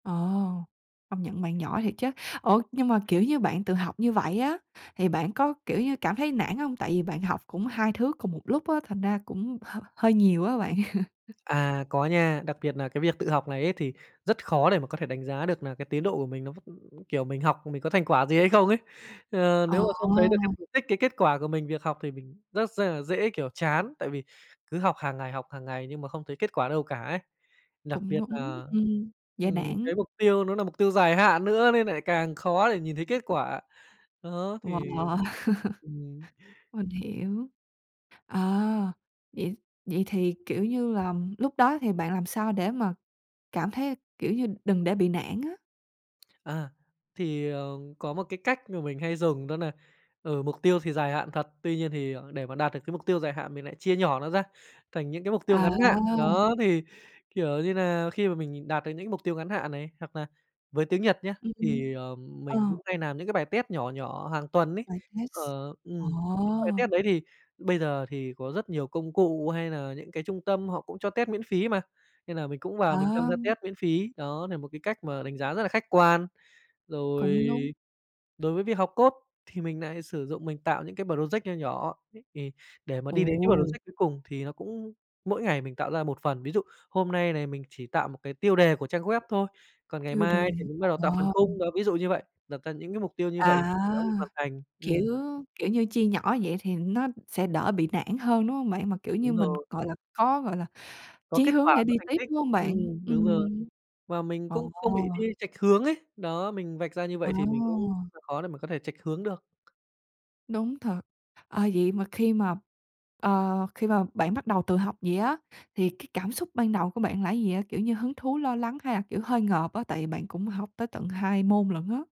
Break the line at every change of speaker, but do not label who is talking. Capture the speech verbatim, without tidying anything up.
Ồ, công nhận bạn giỏi thiệt chớ. Ủa, nhưng mà, kiểu, như bạn tự học như vậy á thì bạn có, kiểu, như cảm thấy nản hông? Tại vì bạn học cũng hai thứ cùng một lúc á, thành ra cũng h hơi nhiều á bạn.
À, có nha. Đặc biệt nà cái việc tự học này ấy thì rất khó để mà có thể đánh giá được nà cái tiến độ của mình nó, kiểu, mình học mình có thành quả gì hay không ấy. À,
Ồ.
nếu mà không thấy được cái mục đích, cái kết quả của mình việc học thì mình r rất nà dễ, kiểu, chán tại vì cứ học hàng ngày học hàng ngày nhưng mà không thấy kết quả đâu cả ấy. Đặc
Cũng
biệt
núng.
là,
Ừm, dễ
ừm,
nản.
cái mục tiêu nó nà mục tiêu dài hạn nữa nên nại càng khó để nhìn thấy kết quả. Đó thì
Wow.
ừm.
Mình hiểu. Ờ, vậy vậy thì, kiểu, như là lúc đó thì bạn làm sao để mà cảm thấy, kiểu, như đừng để bị nản á?
À, thì, ờ, có một cái cách mà mình hay dùng đó nà, ừ, mục tiêu thì dài hạn thật, tuy nhiên thì, ờ, để mà đạt được cái mục tiêu dài hạn, mình lại chia nhỏ nó ra thành những cái mục tiêu
À.
ngắn hạn, đó thì, kiểu, như là khi mà mình nhìn đạt được những mục tiêu ngắn hạn này hoặc là với tiếng Nhật nhá,
Ừm, ừm,
thì, ờm,
ờ.
mình cũng hay nàm những cái bài test nhỏ nhỏ hàng tuần ấy.
Bài test.
Ờ, ừm, những bài
Ồ.
test đấy thì bây giờ thì có rất nhiều công cụ hay là những cái trung tâm họ cũng cho test miễn phí mà, nên là mình cũng vào mình tham
À.
gia test miễn phí, đó nà một cái cách mà đánh giá rất là khách quan. Rồi
Cũng đúng.
đối với việc học code thì mình nại sử dụng mình tạo những cái bờ rồ giét nho nhỏ thì để mà đi đến cái bờ rồ
Ồ.
giét cuối cùng thì nó cũng mỗi ngày mình tạo ra một phần, ví dụ hôm nay này mình chỉ tạo một cái tiêu đề của trang web thôi, còn ngày
Tiêu
mai
đề.
thì mình bắt đầu tạo phần khung
À.
ví dụ như vậy, đặt ra những cái mục tiêu như vậy
À,
thì nó được hoàn thành.
kiểu,
Ừm.
kiểu, như chia nhỏ vậy thì nó sẽ đỡ bị nản hơn, đúng hông bạn? Mà, kiểu, như
Đúng
mình,
rồi.
gọi là, có, gọi là,
Có
chí
kết
hướng
quả,
để
có
đi
thành
tiếp,
tích.
đúng hông bạn?
Ừm, đúng rồi
Ừm.
và mình
Ồ.
cũng không bị đi chệch hướng ấy, đó mình vạch ra như vậy thì mình cũng
Ồ.
khó để mà có thể chệch hướng được.
Đúng thật. Ờ, vậy mà khi mà, ờ, khi mà bạn bắt đầu tự học vậy á, thì cái cảm xúc ban đầu của bạn là cái gì vậy? Kiểu, như hứng thú, lo lắng hay là, kiểu, hơi ngợp á, tại vì bạn cũng học tới tận hai môn lận á.